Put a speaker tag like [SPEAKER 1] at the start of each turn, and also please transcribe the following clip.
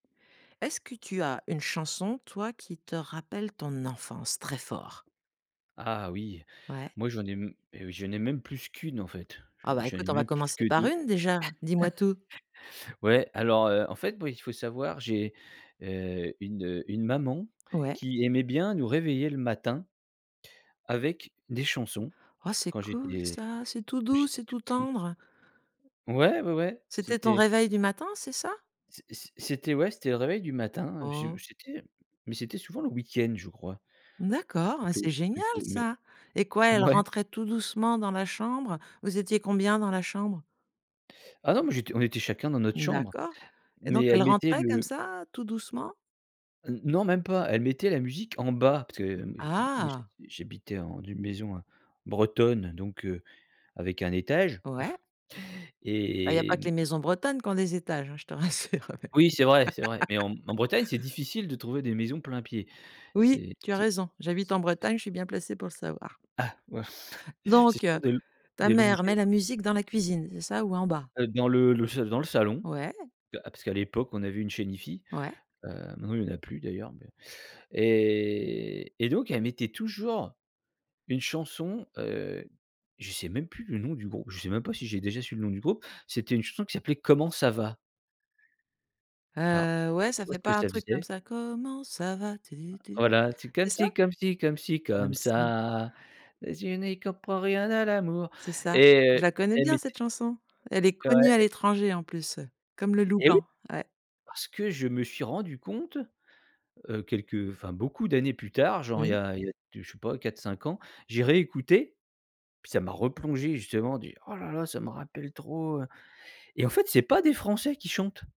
[SPEAKER 1] Est-ce que tu as une chanson, toi, qui te rappelle ton enfance, très fort?
[SPEAKER 2] Ah oui,
[SPEAKER 1] Ouais.
[SPEAKER 2] moi j'en ai m heu, j'en ai même plus qu'une, en fait,
[SPEAKER 1] Ah
[SPEAKER 2] j
[SPEAKER 1] bah
[SPEAKER 2] j'en
[SPEAKER 1] écoute,
[SPEAKER 2] ai
[SPEAKER 1] on va
[SPEAKER 2] même plus
[SPEAKER 1] commencer
[SPEAKER 2] que
[SPEAKER 1] par
[SPEAKER 2] 2.
[SPEAKER 1] 1 déjà! Dis-moi tout.
[SPEAKER 2] Ouais, alors, heu, en fait, moi, il faut savoir, j'ai, heu, une, heu, une maman
[SPEAKER 1] Ouais.
[SPEAKER 2] qui aimait bien nous réveiller le matin avec des chansons
[SPEAKER 1] Oh, c'est
[SPEAKER 2] quand
[SPEAKER 1] cool
[SPEAKER 2] j'étais
[SPEAKER 1] ça, c'est tout
[SPEAKER 2] quand
[SPEAKER 1] doux,
[SPEAKER 2] j'étais
[SPEAKER 1] c'est
[SPEAKER 2] tout
[SPEAKER 1] tout
[SPEAKER 2] petit.
[SPEAKER 1] tendre.
[SPEAKER 2] Ouais, ouais, ouais,
[SPEAKER 1] C'était ton
[SPEAKER 2] c'était
[SPEAKER 1] réveil du matin, c'est ça?
[SPEAKER 2] c c c'était ouais, c'était le réveil du matin, je
[SPEAKER 1] Oh.
[SPEAKER 2] j'étais mais c'était souvent le week-end, je crois
[SPEAKER 1] D'accord, mais c'est
[SPEAKER 2] plutôt
[SPEAKER 1] génial
[SPEAKER 2] plutôt mais
[SPEAKER 1] ça! Et quoi, elle
[SPEAKER 2] ouais.
[SPEAKER 1] rentrait tout doucement dans la chambre? Vous étiez combien dans la chambre?
[SPEAKER 2] Ah non, moi j'étais on était chacun dans notre chambre,
[SPEAKER 1] D'accord et donc
[SPEAKER 2] mais
[SPEAKER 1] elle
[SPEAKER 2] elle mettait
[SPEAKER 1] rentrait comme
[SPEAKER 2] le
[SPEAKER 1] ça, tout doucement?
[SPEAKER 2] N non, même pas, elle mettait la musique en bas parce que, hem, j moi
[SPEAKER 1] Ah!
[SPEAKER 2] je j'habitais en d'une maison, heu, bretonne, donc heu, avec un étage
[SPEAKER 1] Ouais. Ben, il y a pas
[SPEAKER 2] et
[SPEAKER 1] que
[SPEAKER 2] mmh
[SPEAKER 1] les maisons bretonnes qui ont des étages, hein, je te rassure.
[SPEAKER 2] Oui c'est vrai c'est vrai, mais en en Bretagne c'est difficile de trouver des maisons plein pied.
[SPEAKER 1] Oui,
[SPEAKER 2] C'est
[SPEAKER 1] tu as
[SPEAKER 2] c'est c
[SPEAKER 1] raison.
[SPEAKER 2] c
[SPEAKER 1] J'habite en
[SPEAKER 2] c
[SPEAKER 1] Bretagne, je suis bien placée pour le savoir.
[SPEAKER 2] Ah ouais. C'est
[SPEAKER 1] Donc
[SPEAKER 2] surtout des
[SPEAKER 1] ta
[SPEAKER 2] des
[SPEAKER 1] mère met la
[SPEAKER 2] longères.
[SPEAKER 1] musique dans la cuisine, c'est ça ou en bas?
[SPEAKER 2] Heu, dans le le s dans le salon.
[SPEAKER 1] Ouais.
[SPEAKER 2] Que a parce qu'à l'époque on avait une chaîne hifi,
[SPEAKER 1] Ouais.
[SPEAKER 2] heu, maintenant il y en a plus d'ailleurs, mais et et donc elle mettait toujours une chanson. Heu, je sais même plus le nom du grou je sais même pas si j'ai déjà su le nom du groupe. C'était une chanson qui s'appelait comment ça va. Alors
[SPEAKER 1] Heu, ouais, ça
[SPEAKER 2] tu vois
[SPEAKER 1] fait
[SPEAKER 2] ce que
[SPEAKER 1] pas un
[SPEAKER 2] ça
[SPEAKER 1] truc comme
[SPEAKER 2] faisait
[SPEAKER 1] ça, comment ça va, tu tu.
[SPEAKER 2] Voilà, c'est
[SPEAKER 1] C'est
[SPEAKER 2] comme
[SPEAKER 1] ça?
[SPEAKER 2] si comme si comme si, comme
[SPEAKER 1] Comme ça.
[SPEAKER 2] ça. Et je n'y comprend rien à l'amour
[SPEAKER 1] C'est ça,
[SPEAKER 2] et
[SPEAKER 1] je
[SPEAKER 2] heu,
[SPEAKER 1] la connais
[SPEAKER 2] elle
[SPEAKER 1] bien
[SPEAKER 2] mettait
[SPEAKER 1] cette chanson. Elle est connue
[SPEAKER 2] Ouais
[SPEAKER 1] à
[SPEAKER 2] et
[SPEAKER 1] l'étranger en plus, heu, comme le loup
[SPEAKER 2] et oui.
[SPEAKER 1] blanc. Ouais.
[SPEAKER 2] Parce que je me suis rendu compte, heu, quelques enfin, beaucoup d'années plus tard, genre il y
[SPEAKER 1] Oui.
[SPEAKER 2] a il y a de je sais pas, 4-5 ans, j'ai réécouté. Puis ça m'a replongé justement, du: «Oh là là, ça me rappelle trop, heu» et en fait, c'est pas des Français qui chantent!